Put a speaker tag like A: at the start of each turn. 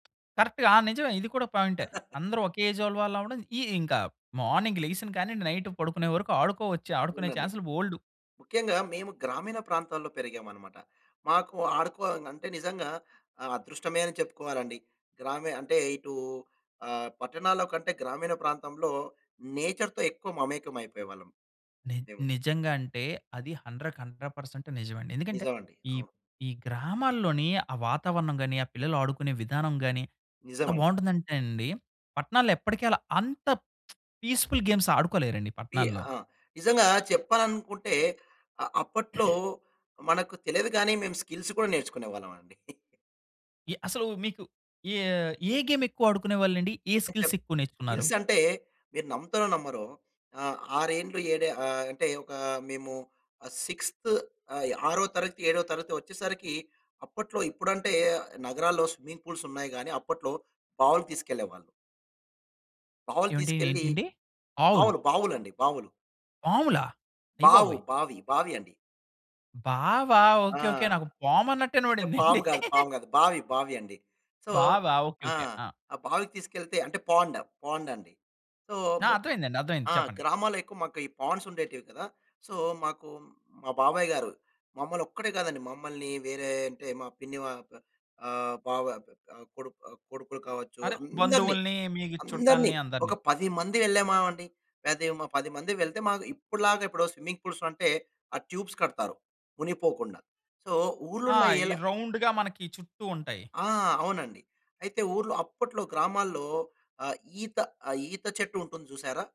A: కరెక్ట్‌గా ఆ నిజమే ఇది కూడా పాయింటే. అందరూ ఒకే ఏజోల్లు వాళ్ళవడం ఈ ఇంకా మార్నింగ్ లేగిసినకాడ నుంచి నైట్ పడుకునే వరకు ఆడుకోవచ్చు ఆడుకునే
B: అవునండి.
A: చాన్స్‌లు బోల్డు.
B: ముఖ్యంగా మేము గ్రామీణ ప్రాంతాల్లో పెరిగామనమాట. మాకు ఆడుకో అంటే నిజంగా ఆహ్, అదృష్టమే అని చెప్పుకోవాలండి. గ్రామి అంటే ఇటు ఆహ్, పట్టణాల్లో కంటే గ్రామీణ ప్రాంతంలో నేచర్‌తో ఎక్కువ మమేకం అయిపోయేవాళ్ళం
A: ని
B: మేము.
A: నిజంగా అంటే అది 100కి 100% నిజమండి. ఎందుకంటే
B: నిజం అండి.
A: ఈ
B: అవును.
A: ఈ గ్రామాల్లోని ఆ వాతావరణం గాని ఆ పిల్లలు ఆడుకునే విధానం గాని
B: నిజం
A: ఎంత
B: అండి.
A: బావుంటుందంటే అండి, పట్టణాల్లో ఎప్పటికీ అలా అంత పీస్‌ఫుల్ గేమ్స్ ఆడుకోలేరండి
B: ఈ
A: పట్టణాల్లో.
B: ఆ! నిజంగా చెప్పాలనుకుంటే ఆహ్, అప్పట్లో మనకు తెలియదు గాని మేము స్కిల్స్ కూడా నేర్చుకునే వాళ్ళం అండి.
A: ఎ అసలు మీకు యేహ్ యే గేమ్ ఎక్కువ ఆడుకునే వాళ్ళండి? ఏ స్కిల్స్ ఎక్కువ నేర్చుకున్నారు?
B: స్కిల్స్ అంటే మీరు నమ్ముతారో నమ్మరో, ఆహ్, ఆరేండ్లు ఏడు ఆహ్, అంటే ఒక మేము ఆహ్, 6త్ ఆహ్, ఆరో తరగతి, ఏడో తరగతి వచ్చేసరికి అప్పట్లో ఇప్పుడంటే నగరాల్లో స్విమ్మింగ్ పూల్స్ ఉన్నాయి గాని. అప్పట్లో బావులకి తీసుకెళ్ళేవాళ్ళు. బావులు
A: ఏవండీ
B: తీసుకెళ్లి
A: ఏంటండి? ఆవులు?
B: బావులు, బావులు అండి. బావులు.
A: పాములా?
B: బావు,
A: అయ్యబాబోయ్!
B: బావి, బావి అండి.
A: బావా!
B: ఆ!
A: Okay, okay. నాకు పాము అన్నటు ఇనపడింది అండి.
B: పాము కాదు, పాము కాదు. బావి బావి అండి. సో,
A: బావ! ఓకే,
B: ఆ!
A: ఓకే. ఆ!
B: ఆ బావికి తీసుకెళ్తే అంటే పాండ్, పాండ్ అండి. సో,
A: ఆ! అర్థమైందండి. అర్థమయింది.
B: ఆ!
A: చెప్పండి.
B: గ్రామాల్లో ఎక్కువ మాకు పాండ్స్ ఉండేటివి కదా. సో, మాకు మా బాబాయ్ గారు మమ్మల్ని ఒక్కడే కాదండి, మమ్మల్ని వేరే అంటే మా పిన్ని వాళ్ల ఆహ్, బావ ఆహ్, కొడుకు, ఆహ్, కొడుకులు కావచ్చు
A: అదే.
B: అందరిని
A: బంధువుల్ని, మీ
B: అందరిని
A: చుట్టాల్ని
B: ఒక
A: అందరిని.
B: 10 మంది వెళ్ళామా అండి. [unintelligible] 10 మంది వెళ్తే మాకు ఇప్పటిలాగా ఇప్పుడు స్విమ్మింగ్ పూల్స్‌లో అంటే ఆ ట్యూబ్స్‌ కడతారు మునిగిపోకుండా. సో,
A: ఆ!
B: ఊర్లల్లో
A: ఈ
B: ఎలా
A: రౌండుగా మనకి చుట్టూ ఉంటాయి.
B: ఆ! అవునండి. అయితే ఊర్లో అప్పట్లో గ్రామాల్లో ఆహ్, ఈత ఆ ఈత చెట్టు ఉంటుంది చూశారా?